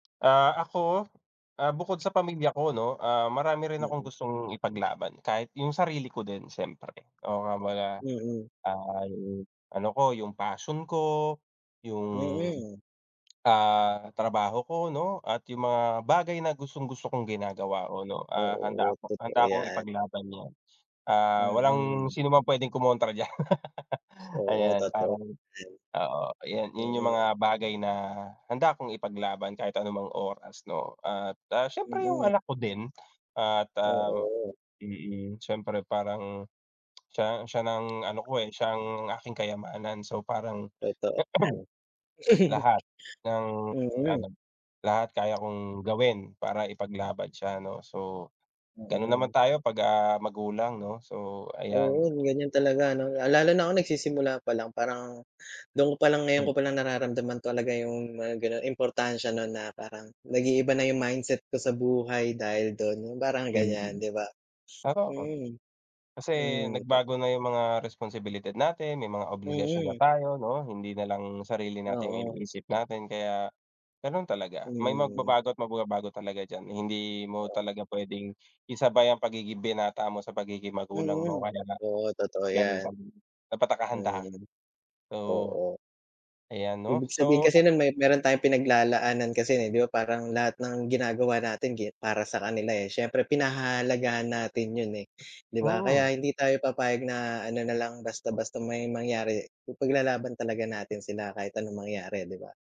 Ah, ako? Ah, bukod sa pamilya ko 'no, ah, marami rin akong [unintelligible] gustong ipaglaban, kahit yung sarili ko din, siyempre. Oo nga 'baga, Mm. ah, yung ano ko, yung passion ko, yung, Mm. ah, trabaho ko 'no at yung mga bagay na gustong-gusto kong ginagawa ko 'no, ah, handa Oo, ako totoo handa akong yan. ipaglaban yan. Ah, walang Mm. sinuman pwedeng kumontra diyan. Oo, Ayan, totoo parang din. oo, ayan, yan yung Mm. mga bagay na, handa 'kong ipaglaban kahit anumang oras 'no? At, ah, siyempre yung Mm. anak ko din at, ah Oo. mm, siyempre parang, siya ang siya nang ano ko, eh, siya ang aking kayamanan. So parang Totoo yan. lahat ng ano, Mm. lahat kaya kong gawin para ipaglaban siya, 'no. So, ganun naman Oo. tayo 'pagka magulang 'no, so ayan. Oo, yun yung talaga, 'no? Ah, lalo na ako nagsisimula pa lang, parang dun ko palang ngayon ko palang nararamdaman talaga yung mga gano'n importansya nun, na parang nag-iiba na yung mindset ko sa buhay dahil do'n, yung parang Eh, ganyan yun, di ba? parang ako. Mm. Kasi Mm, 'di ba. nagbago na yung mga resposibilidad natin, may mga obligasyon na Mm. tayo, 'no, hindi nalang sarili natin yung Oo. iniisip natin, kaya ganun talaga. May Mm. magbabago at mababago talaga dyan, hindi mo Oo. talaga pwedeng isabay ang pagiging binata mo sa pagiging magulang mo Mm. kaya na Oo, totoo galing yan. bang dapat naka-handa Mm oo. oo. Ayan 'no. Ibig sabihin So, kasi ah no'n, me meron tayong pinag-lalaanan kasi, na di ba'y parang lahat ng ginagawa natin gi para sa kanila, eh. Siyempre, pinahahalagahan natin 'yon, eh, di ba? Kaya Mm. hindi tayo papayag na ano na lang, basta-basta may mangyari pu ipaglalaban talaga natin sila kahit anong mangyari, eh, di ba?